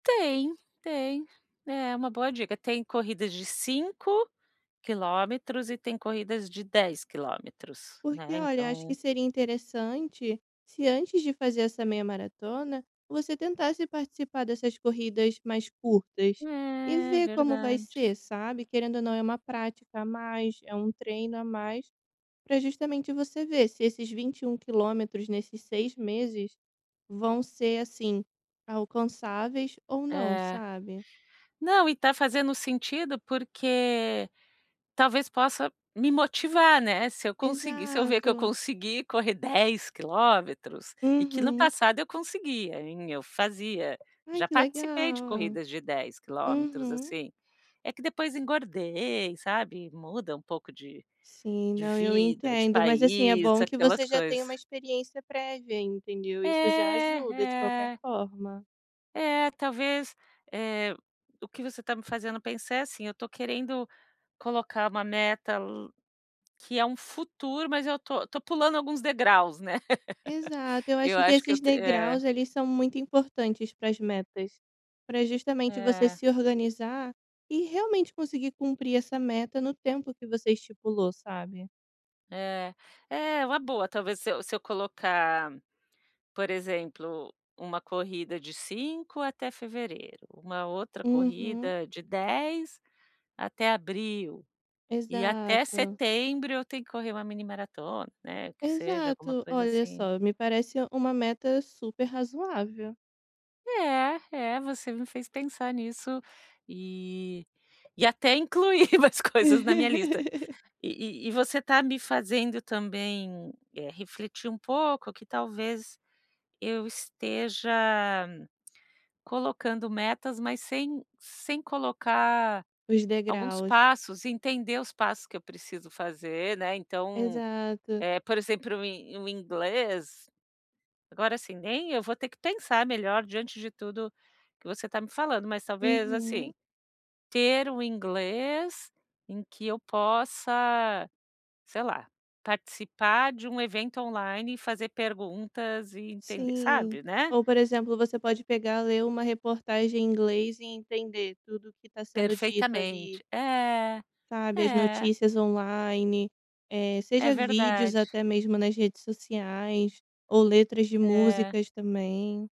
Tem, tem. É uma boa dica, tem corridas, de 5 quilômetros e tem corridas, de 10 quilômetros, Porque, né, olha, acho então. que seria interessante, se antes de fazer, essa meia-maratona, você tentasse, participar dessas corridas mais curtas, e É, ver, como vai verdade. ser, sabe. Querendo ou não, é uma prática a mais, é um treino a mais, pra justamente, você ver, se esses 21 quilometros nesses 6 meses, vão ser, assim, alcançáveis ou não, É. sabe? Não, e está fazendo sentido, porque, talvez possa me motivar, né, se eu conseguir, se eu ver, que eu Exato. consegui correr 10 quilômetros, e que no Uhum. passado, eu conseguia, hein, eu fazia, Ai já que participei de legal. corridas de 10 quilômetros, Uhum. assim, é que depois engordei, sabe, muda um pouco de Sim, de não eu vida, de entendo, mas, assim, é país, bom, que aquelas você já tem, coisas. uma experiência prévia, entendeu, Isso já É, ajuda, de qualquer é. forma. É, talvez, eh, o que você está me fazendo pensar, é assim, estou querendo, colocar uma meta, que é um futuro, mas eu estou estou pulando alguns degraus, né, Exato, eu acho, eu que acho que eu esses te é. degraus, eles são muito importantes, pras metas. Pra justamente, você É. se organizar, e realmente, conseguir cumprir essa meta, no tempo que você estipulou, sabe? É, é uma boa talvez se eu se eu colocar, por exemplo, uma corrida de 5, até fevereiro, uma outra Uhum. corrida, de 10 até abril, e até Exato. setembro, eu tenho que correr, uma mini-maratona, né, que seja alguma Exato, coisa, olha assim. só, me parece, uma meta super razoável. É, é, você me fez pensar nisso, e e até incluir mais coisas na minha lista. E e você, está me fazendo também, eh, refletir um pouco, que talvez, eu esteja colocando metas, mas sem sem colocar Os alguns degraus. passos. Entender os passos que eu preciso fazer, né, então, Exato. eh, por exemplo, o in o inglês, agora, assim, nem, eu vou ter que pensar melhor. Diante de tudo que, você está me falando, mas talvez, assim, Uhum. ter um inglês em que eu possa, sei lá, participar, de um evento online, e fazer perguntas e entender, Sim, sabe, né? ou por exemplo, você pode pegar, ler uma reportagem em inglês, e entender tudo, que está sendo dito Perfeitamente. ali. É, Sabe, as é. notícias online, eh, É seja vídeos, verdade. até mesmo nas redes sociais, ou letras de É. músicas também.